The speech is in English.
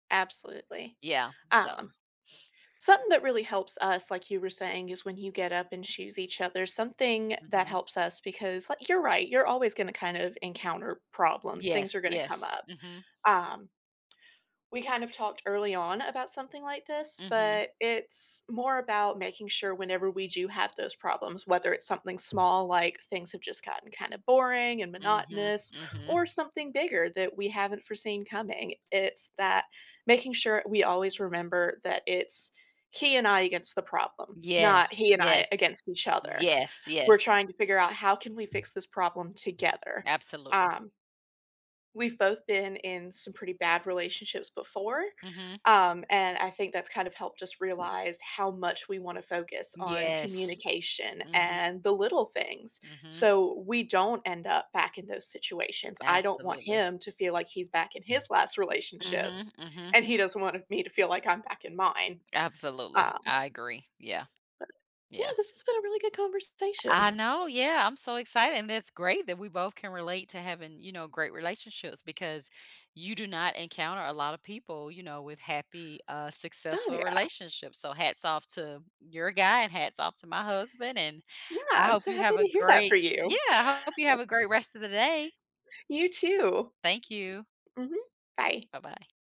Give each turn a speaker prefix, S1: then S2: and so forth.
S1: Absolutely,
S2: Yeah, so
S1: um something that really helps us, like you were saying, is when you get up and choose each other, something that
S2: Mhm.
S1: helps us because, like, you're right, you're always gonna kind of encounter problems, things
S2: Yes,
S1: are gonna come
S2: yes.
S1: up,
S2: Mhm.
S1: um we kind of talked early on about something like this,
S2: Mhm.
S1: but it's more about making sure whenever we do have those problems, whether it's something small like things have just gotten kinda boring and
S2: Mhm,
S1: monotonous,
S2: mhm.
S1: or something bigger that we haven't foreseen coming, it's that making sure we always remember that it's he and I against the problem, not he
S2: Yes,
S1: and I
S2: yes.
S1: against each other.
S2: Yes,
S1: We're
S2: yes.
S1: trying to figure out how can we fix this problem together,
S2: Absolutely.
S1: um we've both been in some pretty bad relationships before,
S2: Mhm.
S1: um, and I think that's kind of helped us realize how much we wanna focus on
S2: Yes.
S1: communication
S2: Mhm.
S1: and the little things,
S2: Mhm.
S1: so we don't end up back in those situations, I don't want
S2: Absolutely.
S1: him to feel like he's back in his last relationship,
S2: Mhm, mhm.
S1: and he doesn't want me to feel like I'm back in mine,
S2: Absolutely,
S1: um
S2: I agree, yeah.
S1: yeah,
S2: Yeah.
S1: this has been a really good
S2: I
S1: conversation.
S2: know, yeah, I'm so excited, and that's great that we both can relate to having, you know, great relationships because you do not encounter a lotta people, you know, with happy, uh,
S1: Oh,
S2: successful
S1: yeah.
S2: relationships, so hats off to your guy and hats off to my husband, and
S1: Yeah,
S2: I
S1: I'm
S2: hope
S1: so
S2: you
S1: happy
S2: have a
S1: to hear that for
S2: great, yeah,
S1: you.
S2: I hope you have a great rest of the day.
S1: You too.
S2: Thank you.
S1: Mhm, bye.
S2: Bye-bye.